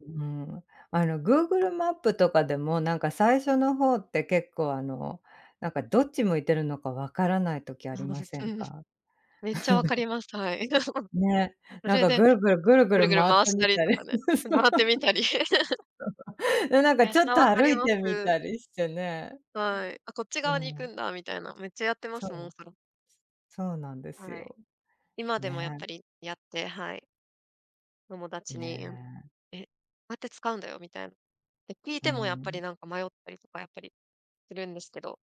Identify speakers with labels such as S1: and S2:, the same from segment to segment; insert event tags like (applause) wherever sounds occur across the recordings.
S1: うん、あの、グーグルマップとかでも、何か、最初の方って、結構あの、なんか、どっち向いてるのか、分らない時あ
S2: あ、
S1: り
S2: 正
S1: ま
S2: に
S1: せ
S2: そ
S1: ん
S2: れです、
S1: か？
S2: めっちゃ分かり
S1: (chuckles)
S2: ます、はい、
S1: ね、
S2: (chuckles) そ
S1: 何
S2: れ
S1: か、
S2: で、
S1: ぐるぐるぐるぐ
S2: ぐる
S1: る
S2: ぐる
S1: 回っ
S2: 回
S1: た
S2: した
S1: み
S2: り
S1: た
S2: と
S1: り、
S2: かね、
S1: (chuckles) そう、
S2: 回ってみたり。(chuckles)
S1: (chuckles) で、何か、
S2: めっ
S1: ちょ
S2: ち
S1: っ
S2: ゃ
S1: と
S2: 分か
S1: 歩
S2: り
S1: い
S2: ま
S1: てみ
S2: す。
S1: たりしてね。
S2: はい、あ、こっち
S1: う
S2: 側に行く
S1: ん。
S2: んだ。みたいな、めっちゃやってま
S1: そ
S2: すもう、
S1: う。
S2: それ。
S1: そうなんです
S2: はい、
S1: よ、
S2: 今でもやっ
S1: ね
S2: ぱ
S1: え。
S2: り、やって、はい。友達
S1: ね
S2: に、うん
S1: え。
S2: 「えっ、こうやって使うんだよ」みたい、で、聞い
S1: う
S2: てもやっぱり、
S1: ん。
S2: 何か、迷ったりとか、やっぱりするんですけど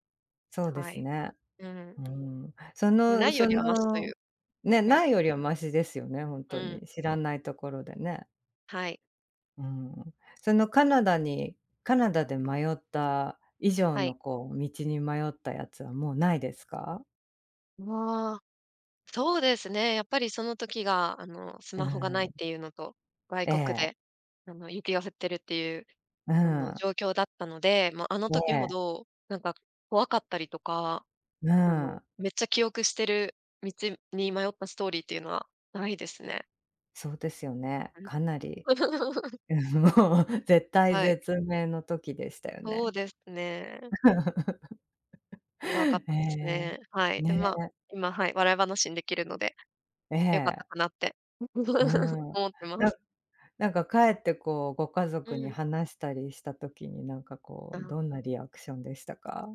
S1: そうで
S2: は
S1: す
S2: い、
S1: ね、
S2: うん。
S1: うん、そ
S2: 無
S1: の
S2: いよ
S1: そ
S2: りは、マシとい
S1: の、
S2: う、
S1: ね、
S2: はい。
S1: ないよりはマシですよね、本
S2: う
S1: 当
S2: ん。
S1: に、知らない所でね。
S2: はい。
S1: うん、その、カナダにカナダで迷った以上
S2: はい。
S1: の、こう、道に迷ったやつは、もうないですか？
S2: わ、そうですね、やっぱり、その時が、あの、ス
S1: うー
S2: マホが無いっ
S1: ん。
S2: ていうのと、外
S1: え
S2: 国
S1: え。
S2: で、あの、雪が降っているって言う、
S1: うー
S2: あの、
S1: ん。
S2: 状況だったので、ま、あの
S1: ね
S2: 時ほ
S1: え。
S2: どなんか、怖かったりとか、
S1: うー
S2: あの、
S1: ん。
S2: めっちゃ記憶している道に迷ったストーリーっていうのは、無いですね。
S1: そうですよね、
S2: うん。
S1: かなり、
S2: (chuckles)
S1: (chuckles) もう、絶体
S2: はい。
S1: 絶命の時でしたよ
S2: そう
S1: ね、
S2: ですね。怖かっ
S1: (chuckles) へ
S2: たですね、
S1: え、
S2: はい、で、
S1: ね
S2: まあ、
S1: え。
S2: 今、はい、笑い話に出来るので、
S1: え
S2: 良かっ
S1: え。
S2: たかなって、
S1: う
S2: (chuckles)
S1: ん、
S2: 思ってま
S1: なん
S2: す。
S1: 何か、帰ってこう、ご家
S2: う
S1: 族に
S2: ん。
S1: 話したりした時に、何かこう、
S2: あ。
S1: どんなリアクションでしたか？